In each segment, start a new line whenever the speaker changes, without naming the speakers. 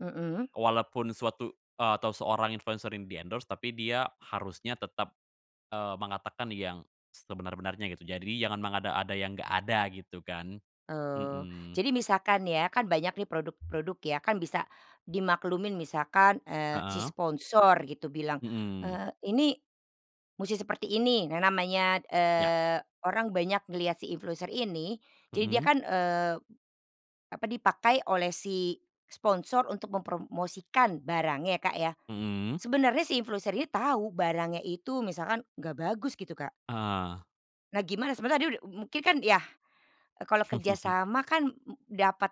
Mhm.
Walaupun suatu, eee, atau seorang influencer ini di endorse, tapi dia harusnya tetap, eee, mengatakan yang sebenar-benarnya gitu. Jadi, jangan mengada-ada yang enggak ada gitu kan
Eee,
mhm.
jadi misalkan ya, kan banyak nih produk-produk ya kan, bisa di maklumin misalkan, eee, si
Heeh.
sponsor gitu bilang,
Mhm.
eee, ini musti seperti ini, nah namanya,
Ya.
eee, orang banyak ngelihat si influencer ini, jadi dia
Mhm.
kan, eee, apa dipakai oleh si sponsor untuk mempromosikan barangnya ya, Kak, ya
Mhm.
sebenarnya si influencer ini tahu barangnya itu misalkan enggak bagus gitu, Kak.
Eh.
Nah, gimana sebenarnya tadi, u u mungkin kan, yah kalau kerjasama kan m dapat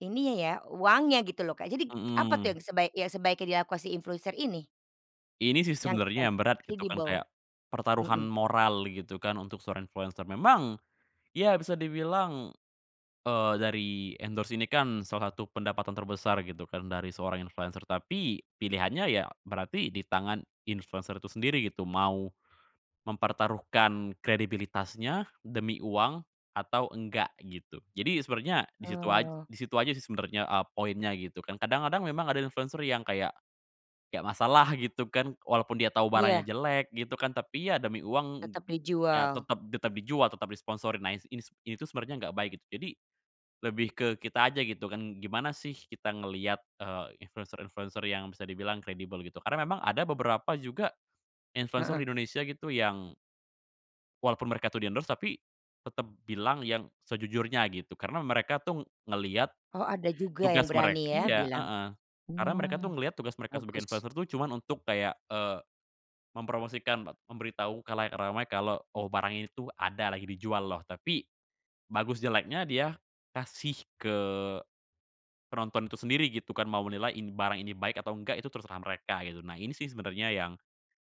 ininya ya uangnya gitu loh, Kak, jadi k k apa tuh
Heeh.
yang sebaiknya sebaiknya dilakukan si influencer ini?
Ini sih
Yang
sebenernya
[unintelligible]
yang berat gitu kan, kayak
kredibel,
pertaruhan
Mhm.
moral gitu kan untuk seorang influencer memang ya bisa dibilang, eee, dari endorse ini kan salah satu pendapatan terbesar gitu kan dari seorang influencer tapi pilihannya ya, berarti di tangan influencer itu sendiri gitu, mau mempertaruhkan kredibilitasnya demi uang atau enggak gitu. Jadi, sebenarnya, di situ aj
Oh.
di situ aja sih sebenarnya, eee, poinnya gitu kan, kadang-kadang memang ada influencer yang kayak, kayak masalah gitu kan walaupun dia tau barangnya
Ya.
jelek gitu kan tapi ya demi uang
Tetap
ya
dijual.
tetep tetep dijual, tetep disponsori, nah ini s ini tuh, sebenernya enggak baik gitu. Jadi lebih ke kita aja gitu kan. Gimana sih kita ngeliat, eee, influencer-influencer yang bisa dibilang kredibel gitu, karena memang ada beberapa juga influencer
Heeh.
di Indonesia gitu yang walaupun mereka tuh di endorse, tapi tetep bilang yang sejujurnya gitu, karena mereka tuh ngeliat
Oh, ada juga yang
tugas mereka
berani ya
iya,
bilang.
heeh karena mereka tuh
Oh,
ngeliat tugas mereka sebagai
bagus.
influencer tuh, cuma untuk kayak, eee, mempromosikan, met memberitahu khalayak ramai kalau oh, barang ini tuh ada lagi dijual loh. Tapi bagus, jeleknya dia kasih ke penonton itu sendiri gitu kan. Mau menilai barang ini baik atau enggak itu terserah mereka gitu nah ini sih sebenernya yang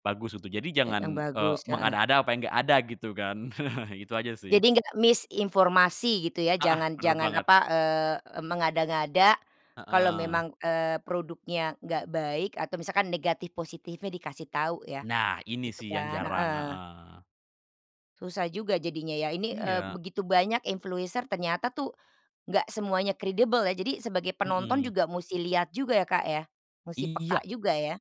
bagus gitu. Jadi
Y yang
jangan, eee,
bagus heeh.
mengada-ada, apa yang enggak ada gitu kan, itu aja sih.
Jadi, nggak miss informasi gitu ya,
Heeh,
jangan
bener
jangan
banget.
apa, eee ,mengada-ngada kalau
Heeh.
memang, eee, produknya enggak baik atau misalkan negatif positifnya dikasih tahu ya
Nah, ini
gitu
sih yang
kan?
jarang,
Heeh.
heeh.
Susah juga jadinya ya, ini, eee,
Iya.
begitu banyak influencer ternyata tuh enggak semuanya kredibel ya. Jadi sebagai penonton
Mhm.
juga musti lihat juga ya, Kak, ya musti peka
Iya.
juga ya.